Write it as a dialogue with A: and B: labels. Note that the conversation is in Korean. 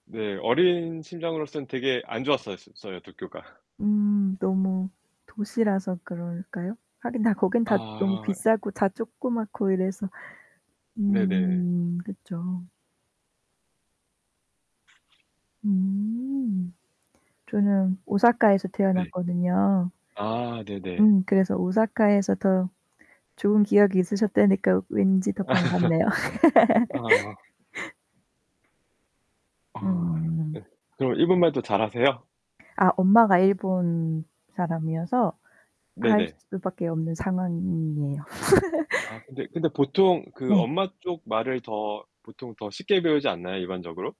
A: 네, 어린 심정으로서는 되게 안 좋았었어요 도쿄가.
B: 음 너무 도시라서 그럴까요? 하긴 다 거기는 다 너무
A: 아.
B: 비싸고 다 쪼끄맣고 이래서
A: 네네.
B: 음. 그쵸. 음. 저는 오사카에서
A: 네.
B: 태어났거든요.
A: 아, 네네.
B: 음 그래서 오사카에서 더 좋은 기억이 있으셨다니까 왠지 더 반갑네요.
A: 아. 아
B: 음.
A: 예 그럼 일본말도 잘 하세요?
B: 아 엄마가 일본 사람이어서 할
A: 네네.
B: 수밖에 없는 상황이에요.
A: 아, 근데 근데 보통 그
B: 네.
A: 엄마 쪽 말을 더 보통 더 쉽게 배우지 않나요 일반적으로?